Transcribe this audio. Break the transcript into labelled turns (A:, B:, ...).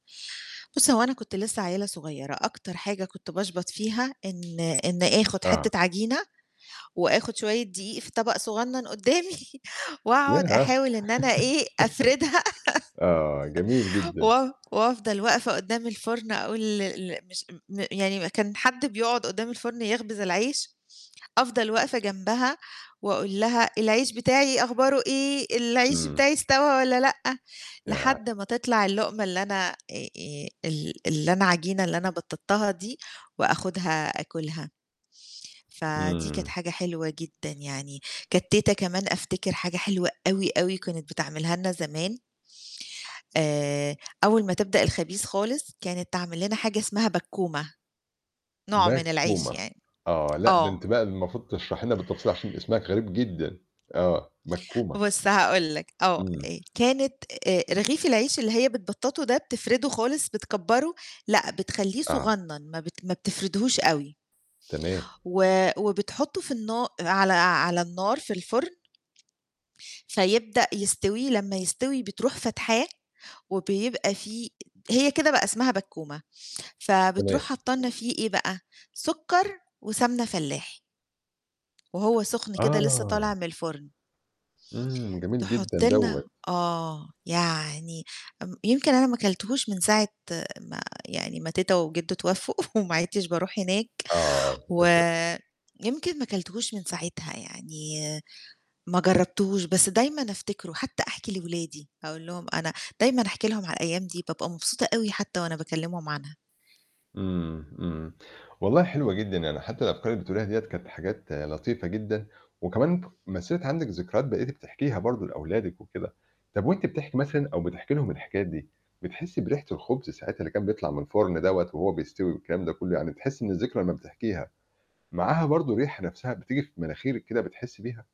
A: بُصّي هو أنا كنت لسّه عيّلة صغيّرة، أكتر حاجة كنت باشبط فيها إن إني آخد
B: آه.
A: حتّة عجينة، وآخد شوية دقيق في طبق صغنّن قدّامي وأقعد
B: ياه!
A: أحاول إن أنا إيه، أفردها.
B: آه جميل جدًا.
A: و وأفضل وقفة قدّام الفرن أقول ال ال مش م يعني ما كان حد بيقعد قدّام الفرن يخبز العيش، أفضل واقفة جنبها وأقول لها: "العيش بتاعي أخباره إيه؟ العيش
B: إمم.
A: بتاعي استوى والّا لأ؟" لحد
B: ياه!
A: ما تطلع اللقمة اللي أنا آآ آآ ال اللي أنا عجينة اللي أنا بططتها دي وآخذها آكلها. فدي كانت
B: إمم.
A: حاجة حلوة جدًا يعني، كانت تيتة كمان أفتكر حاجة حلوة أوي، أوي كانت بتعملها لنا زمان آآ أول ما تبدأ الخبيز خالص، كانت تعمل لنا حاجة اسمها بكّومة. نوع من العيش
B: بكّومة،
A: يعني.
B: آه لأ ده
A: آه.
B: أنتِ بقى المفروض تشرحي لنا بالتفصيل عشان أسمها غريب جدًا، آه، بكّومة.
A: بُصّ هاقول لك، آه
B: إمم.
A: آآ كانت آآ رغيف العيش اللي هي بتبططه ده بتفرده خالص بتكبره، لأ بتخلّيه
B: آه.
A: صغنّن، ما بت ما بتفردهوش أوي
B: تمام.
A: و وبتحطه في النا على على النار في الفرن فيبدأ يستوي لمّا يستوي بتروح فاتحاه، وبيبقى فيه هي كده بقى اسمها بكّومة، فبتروح
B: تمام.
A: حاطة لنا فيه إيه بقى، سُكّر وسمنة فلاحي. وهو سخن كده لسّه
B: آه.
A: طالع من الفرن.
B: إمم، جميل جدًا
A: تحط
B: دوّة.
A: لنا آه يعني امم يمكن أنا ما كلتهوش من ساعة ما يعني ما تيتة وجدّوا اتوفوا، وما عدتش باروح هناك،
B: آه،
A: و
B: للاسف.
A: يمكن ما كلتهوش من ساعتها، يعني ما جرّبتهوش بس دايمًا أفتكره، حتّى أحكي لأولادي أقول لهم أنا دايمًا أحكي لهم على الأيام دي بابقى مبسوطة أوي حتّى وأنا باكلّمهم عنها.
B: إمم، إمم، والله حلوة جدًا يعني حتّى الأفكار اللي بتقوليها ديّة كانت حاجات لطيفة جدًا، وكمان مثّلت عندِك ذكرات بقيتِ بتحكيها برضه لأولادِك وكده، طب وأنتِ بتحكي مثلًا أو بتحكي لهم الحكايات دي، بتحسّي بريحة الخبز ساعات اللي كان بيطلع من الفرن دوّة وهو بيستوي والكلام ده كلّه؟ يعني بتحسّي إن الذكرى لما بتحكيها، معاها برضه ريحة نفْسها بتيجي في مناخيرِك كده بتحسّي بيها؟